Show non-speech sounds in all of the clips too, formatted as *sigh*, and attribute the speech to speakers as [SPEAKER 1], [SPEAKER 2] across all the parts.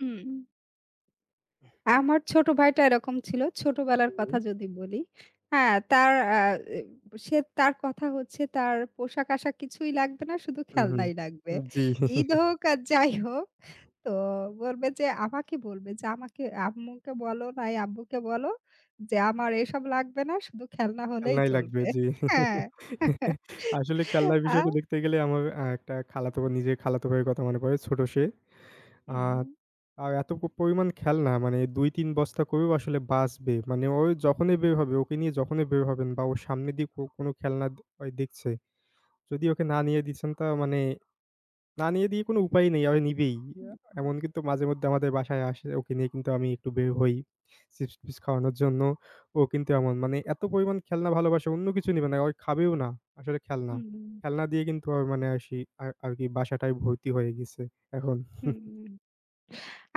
[SPEAKER 1] উম আমার ছোট ভাইটা এরকম ছিল। ছোটবেলার কথা
[SPEAKER 2] উম
[SPEAKER 1] যদি বলি। হ্যাঁ, তার অ্যা অ্যা সে তার কথা হচ্ছে তার পোশাক-আশাক কিছুই লাগবে না, শুধু
[SPEAKER 2] উহু।
[SPEAKER 1] খেলনাই লাগবে।
[SPEAKER 2] উব জ্বি।
[SPEAKER 1] ঈদ
[SPEAKER 2] *chuckles*
[SPEAKER 1] হোক আর যাই হোক তো বলবে যে, আমাকে বলবে, যে, আমাকে আম্মুকে বলো নয় আব্বুকে বললো যে, আমার এসব লাগবে না। শুধু খেলনা হলেই
[SPEAKER 2] খেলনাই লাগবে,
[SPEAKER 1] চলবে।
[SPEAKER 2] জ্বি।
[SPEAKER 1] হ্যাঁ, *laughs*
[SPEAKER 2] *chuckles* আসলে খেলনার
[SPEAKER 1] আ।
[SPEAKER 2] বিষয়টা দেখতে গেলে আমার অ্যা একটা খালাতো নিজে খালাত ভাইয়ের কথা মনে পড়ে, ছোট সে। আ
[SPEAKER 1] হুম।
[SPEAKER 2] আর এত প পরিমাণ খেলনা মানে ২-৩ বস্তা করেও আসলে বাঁচবে মানে ও যখনই বের হবে ওকে নিয়ে যখনই বের হবেন বা ওর সামনে দিয়ে কো কোনো খেলনা দে ও দেখছে যদি ওকে না নিয়ে দিয়েছেন, তা মানে, না নিয়ে দিয়ে কোনো উপায় নেই ও নিবেই
[SPEAKER 1] উ
[SPEAKER 2] আ
[SPEAKER 1] হুম।
[SPEAKER 2] এমন কিন্তু মাঝেমধ্যে আমাদের বাসায় আসে ওকে নিয়ে কিন্তু আমি একটু বের হই চিপস-পিস খাওয়ানোর জন্য ও কিন্তু এমন মানে এত পরিমাণ খেলনা ভালোবাসে অন্য কিছু নিবে না ও খাবেও না আসলে খেলনা,
[SPEAKER 1] হুম।
[SPEAKER 2] খেলনা দিয়ে কিন্তু ও মানে আসি আ আরকি বাসাটায় ভর্তি হয়ে গেছে এখন।
[SPEAKER 1] হুম,
[SPEAKER 2] *chuckles*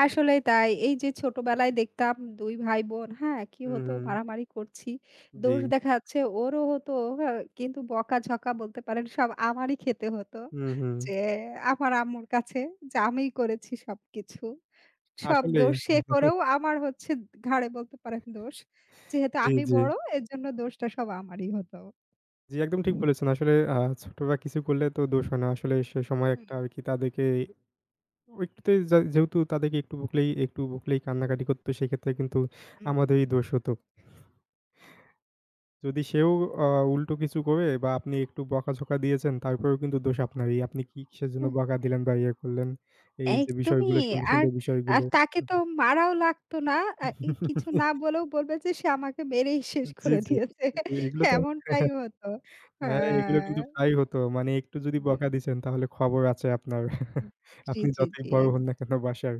[SPEAKER 1] আসলেই তাই। এই যে, ছোটবেলায় দেখতাম ২ ভাই বোন হ্যাঁ, কি হতো
[SPEAKER 2] উহু।
[SPEAKER 1] মারামারি করছি।
[SPEAKER 2] জ্বি।
[SPEAKER 1] দোষ দেখা যাচ্ছে ওরও হতো হ্যাঁ, কিন্তু বকাঝকা বলতে পারেন সব আমারই খেতে হত।
[SPEAKER 2] হুম, হুম।
[SPEAKER 1] যে, আমার আম্মুর কাছে যে, আমিই করেছি সবকিছু। সব
[SPEAKER 2] আসলে।
[SPEAKER 1] দোষ সে
[SPEAKER 2] *chuckles*
[SPEAKER 1] করেও আমার হচ্ছে ঘাড়ে বলতে পারেন দোষ।
[SPEAKER 2] *chuckles*
[SPEAKER 1] যেহেতু
[SPEAKER 2] জ্বি,
[SPEAKER 1] আমি
[SPEAKER 2] জ্বি।
[SPEAKER 1] বড় এরজন্য দোষটা আমারই হত।
[SPEAKER 2] জ্বী, একদম ঠিক বলেছেন। আসলে আ ছোটরা কিছু করলে তো দোষ হয় না। আসলে সে সময়
[SPEAKER 1] হুম,
[SPEAKER 2] একটা
[SPEAKER 1] হুম।
[SPEAKER 2] আর কি তাদেরকে ওই একটুতে যাউ যেহেতু তাদেরকে একটু বকলেই একটু বকলেই কান্নাকাটি করত সেক্ষেত্রে কিন্তু আমাদেরই
[SPEAKER 1] উম
[SPEAKER 2] দোষ হত। যদি সেও আ উল্টো কিছু করে বা আপনি একটু বকাঝকা দিয়েছেন তারপরেও কিন্তু দোষ আপনারই। আপনি কি কিসের জন্য
[SPEAKER 1] অ্যা
[SPEAKER 2] বকা দিলেন বা ইয়ে করলেন। এই যে,
[SPEAKER 1] একদমই।
[SPEAKER 2] বিষয়গুলো সুন্দর,
[SPEAKER 1] আর,
[SPEAKER 2] সুন্দর
[SPEAKER 1] আর
[SPEAKER 2] বিষয়গুলো।
[SPEAKER 1] তাকে তো মারাও লাগত না। অ্যা এই কিছু
[SPEAKER 2] *chuckles*
[SPEAKER 1] না বলেও বলবে যে, সে আমাকে মেরেই
[SPEAKER 2] জ্বি,
[SPEAKER 1] শেষ
[SPEAKER 2] জ্বি,
[SPEAKER 1] করে
[SPEAKER 2] জ্বি।
[SPEAKER 1] দিয়েছে।
[SPEAKER 2] এগুলো তো,
[SPEAKER 1] এমনটাই
[SPEAKER 2] *chuckles*
[SPEAKER 1] হত,
[SPEAKER 2] হ্যাঁ, এগুলো কিন্তু
[SPEAKER 1] হ্যাঁ।
[SPEAKER 2] প্রাই হত। মানে একটু যদি বকা
[SPEAKER 1] হুম।
[SPEAKER 2] দিছেন তাহলে খবর আছে আপনার।
[SPEAKER 1] উম
[SPEAKER 2] *chuckles*
[SPEAKER 1] জ্বী,
[SPEAKER 2] আপনি
[SPEAKER 1] জ্বী,
[SPEAKER 2] যতই
[SPEAKER 1] জ্বী,
[SPEAKER 2] বড়
[SPEAKER 1] অ্যা
[SPEAKER 2] হন না কেন বাসার।